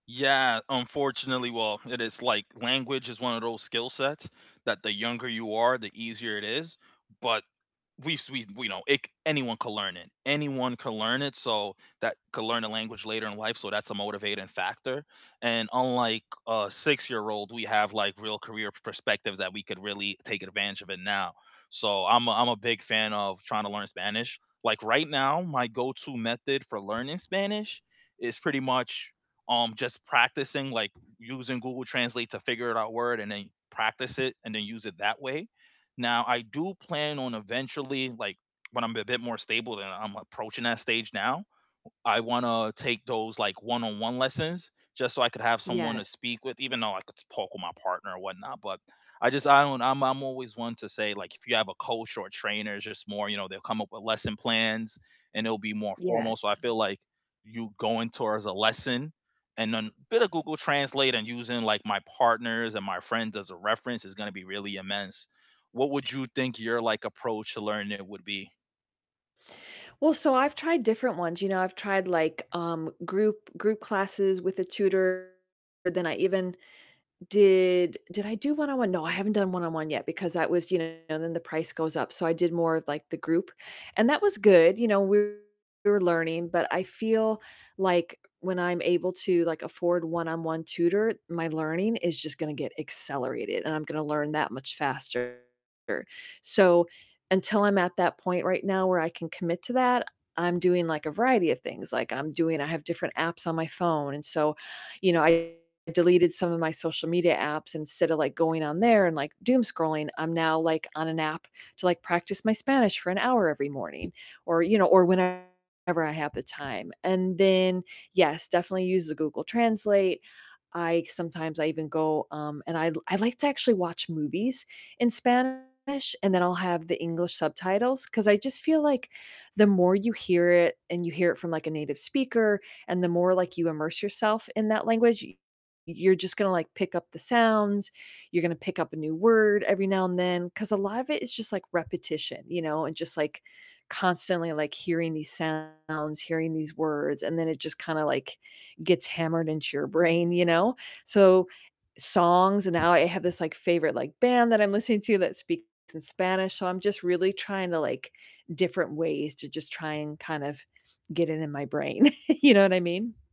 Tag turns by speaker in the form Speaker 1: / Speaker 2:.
Speaker 1: Yeah, unfortunately, well, it is like language is one of those skill sets that the younger you are, the easier it is. But we've we we know it anyone can learn it, anyone can learn it, so that can learn a language later in life, so that's a motivating factor. And unlike a 6 year old, we have, like, real career perspectives that we could really take advantage of it now. So I'm a I'm a big fan of tryna learn Spanish. Like, right now, my go-to method for learning Spanish is pretty much, um, just practicing, like, using Google Translate to figure out a word, and then practice it, and then use it that way. Now, I do plan on eventually, like, when I'm a bit more stable, and I'm approaching that stage now, I wanna take those like one-on-one lessons just so I could have someone to
Speaker 2: Yes.
Speaker 1: speak with, even though I could just talk with my partner or whatnot. But I just I don't I'm I'm always one to say like, if you have a coach or a trainer, it's just more you know, they'll come up with lesson plans, and it'll be more formal. So
Speaker 2: Yes.
Speaker 1: I feel, like, you going towards a lesson and then a bit of Google Translate and using, like, my partners and my friends as a reference is gonna be really immense. What would you think your, like, approach to learning it would be?
Speaker 2: Well, so I've tried different ones, you know, I've tried, like, um, group group classes with a tutor. Then I even did Did I do one-on-one? No, I haven't done one-on-one yet, because that was, you know, then the price goes up, so I did more of, like, the group, and that was good, you know, we we were learning but I feel, like, when I'm able to, like, afford one-on-one tutor, my learning is just gonna get accelerated, and I'm gonna learn that much faster. So until I'm at that point right now where I can commit to that, I'm doing, like, a variety of things. Like, I'm doing I have different apps on my phone and so, you know, I deleted some of my social media apps, instead of, like, going on there and, like, doom scrolling, I'm now, like, on an app to, like, practice my Spanish for an hour every morning or, you know, or whenever I have the time and then yes, definitely use the Google Translate. I sometimes I even go, um, and I I like to actually watch movies in Spanish, and then I'll have the English subtitles, 'cause I just feel, like, the more you hear it and you hear it from like a native speaker, and the more, like, you immerse yourself in that language, y you're just gonna, like, pick up the sounds, you're gonna pick up a new word every now and then, 'cause a lot of it is just like repetition, you know, and just, like, constantly, like, hearing these sounds, hearing these words, and then it just kinda, like, gets hammered into your brain, you know? So songs and now I have this like favorite like band that I'm listening to that speaks in Spanish, so I'm just really tryna, like different ways to just try and kind of get it in my brain. You know what I mean?